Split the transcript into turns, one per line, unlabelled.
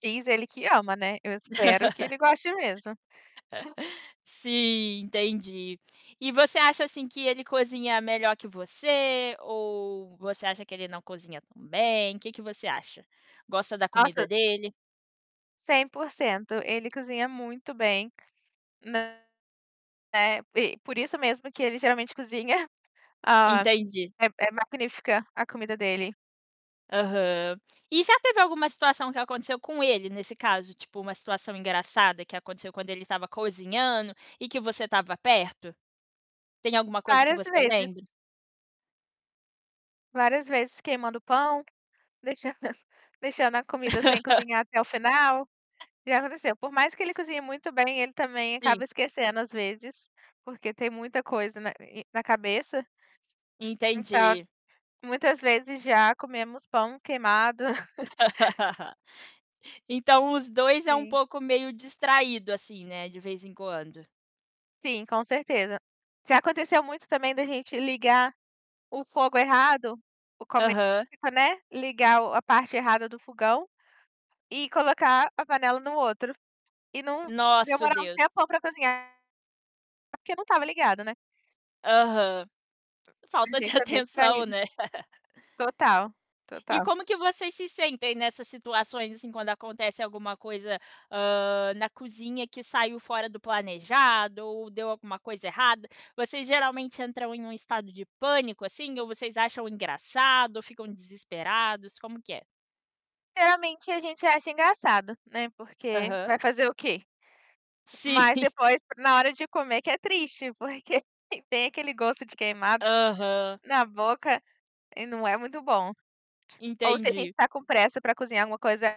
Diz, ele que ama, né. Eu espero que ele goste mesmo.
Sim, entendi. E você acha assim que ele cozinha melhor que você, ou você acha que ele não cozinha tão bem? Que que você acha? Gosta da comida
Nossa
dele?
100%, ele cozinha muito bem, não, é, e por isso mesmo que ele geralmente cozinha, hã,
Entendi.
é é magnífica a comida dele.
Aham. E já teve alguma situação que aconteceu com ele nesse caso, tipo uma situação engraçada que aconteceu quando ele estava cozinhando e que você estava perto? Tem alguma coisa que
Várias
você
vezes.
lembre?
Várias vezes queimando o pão, deixando a comida sem cozinhar até o final, o que aconteceu por mais que ele cozinhe muito bem, ele, também, acaba
Sim.
esquecendo às vezes, porque tem muita coisa na na cabeça. Então
Entendi.
muitas vezes já comemos pão queimado.
Então os 2 é um
Sim.
pouco meio distraído, assim, né, de vez em quando.
Sim, com certeza. Já aconteceu muito, também, da gente ligar o fogo é errado, o como é
Aham.
elétrico, né, ligar o, a parte errada do fogão, e colocar a panela no outro. E não
Nosso,
demorava um
Deus.
tempão para cozinhar, é porque não estava ligado, né.
Aham.
A
Falta de
gente é bem
atenção,
distraído.
né.
Total,
E
total.
como que vocês se sentem nessas situações, assim, quando acontece alguma coisa, hã, na cozinha que saiu fora do planejado ou deu alguma coisa errada? Vocês geralmente entram em um estado de pânico, assim, ou vocês acham engraçado ou ficam desesperados, como que é?
Geralmente a gente acha engraçado, né, porque
Aham.
vai fazer o quê?
Sim.
Mas depois na hora de comer que é triste, porque tem aquele gosto de queimado,
Aham.
na boca e não é muito bom. Ou se a gente
Entendi.
está com pressa para cozinhar alguma coisa